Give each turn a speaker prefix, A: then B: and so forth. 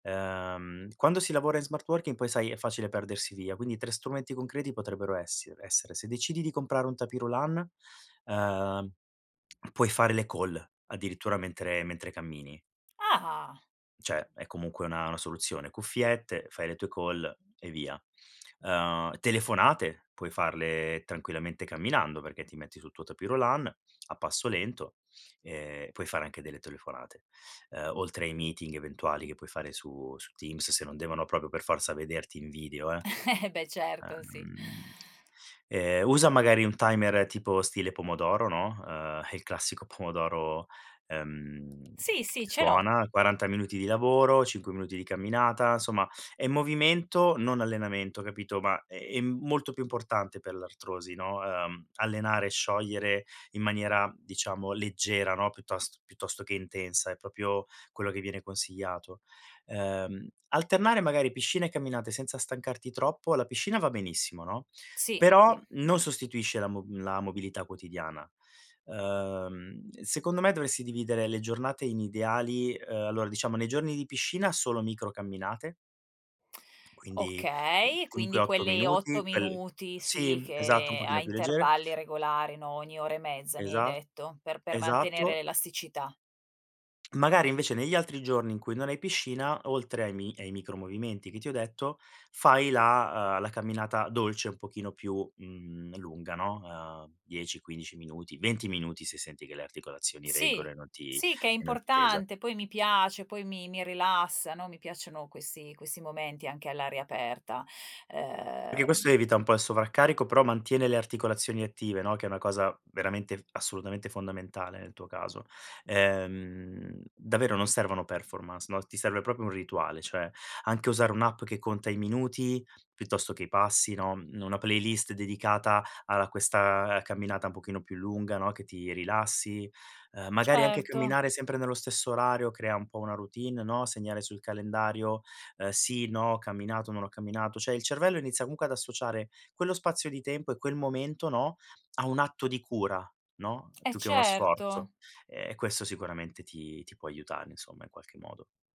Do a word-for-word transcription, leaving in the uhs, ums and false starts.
A: Ehm, quando si lavora in smart working poi sai è facile perdersi via, quindi tre strumenti concreti potrebbero essiere essere: se decidi di comprare un tapis roulant, uhm, puoi fare le call addirittura mentre mentre cammini.
B: Ah!
A: Cioè è comunque una una soluzione, cuffiette, fai le tue call e via. Uhm, telefonate puoi farle tranquillamente camminando perché ti metti sul tuo tapis roulant a passo lento e puoi fare anche delle telefonate. Uhm, oltre ai meeting eventuali che puoi fare su su Teams se non devono proprio per forza vederti in video, eh.
B: Beh certo, sì.
A: Uhm, e usa magari un timer tipo stile pomodoro, no. Uhm, il classico pomodoro, uhm,
B: Sì, sì,
A: che
B: ce l'ho.
A: suona, quaranta minuti di lavoro, cinque minuti di camminata, insomma è movimento non allenamento capito. Ma, ehm, è molto più importante per l'artrosi, no, uhm, allenare e sciogliere in maniera diciamo leggera, no, piuttos piuttosto che intensa, è propio quello che viene consigliato. Uhm, alternare magari piscina e camminate senza stancarti troppo. La piscina va benissimo, no,
B: Sì,
A: però
B: sì.
A: non sostituisce la mob la mobilità quotidiana. Uhm, secondo me dovresti dividere le giornate in ideali, uhm, allora diciamo nei giorni di piscina solo micro camminate quindi, uhm,
B: Okay, quindi
A: cinque otto
B: quelli otto
A: minuti, quel
B: minuti
A: sì,
B: sì
A: esatto, un
B: che a
A: pochino più leggere.
B: intervalli regolari, no, ogni ora e mezza mi hai
A: Esa
B: detto, per per mantenere
A: esatto.
B: l'elasticità.
A: Magari invece negli altri giorni in cui non hai piscina, oltre ai mi ai micro movimenti che ti ho detto, fai la, uhm, la camminata dolce, un pochino più, mhmm, lunga, no. Uhm, dieci quindici minuti, venti minuti se senti che le articolazioni reggono
B: Sì,
A: e non ti
B: sì che è
A: e non ti pesa.
B: importante, poi mi piace, poi mi mi rilassa, no. Mi piacciono questi questi momenti anche all'aria aperta,
A: Perché questo
B: uhm.
A: evita un po' il sovraccarico, però mantiene le articolazioni attive, no, che è una cosa veramente, assolutamente fondamentale nel tuo caso. Ehm, davvero non servono performance, no, ti serve proprio un rituale, cioè anche usare un'app che conta i minuti piuttosto che i passi, no, una playlist dedicata alla questa, uhm, camminata un pochino più lunga, no, che ti rilassi. Uhm, magari anche
B: Certo.
A: camminare sempre nello stesso orario crea un po' una routine, no, segnare sul calendario, uhm, sì, no, ho camminato, non ho camminato, cioè il cervello inizia comunque ad associare quello spazio di tempo e quel momento, no, a un atto di cura, no,
B: Eh,
A: più che uno
B: certo.
A: sforzo, uhm, e questo sicuramente ti ti può aiutare insomma in qualche modo.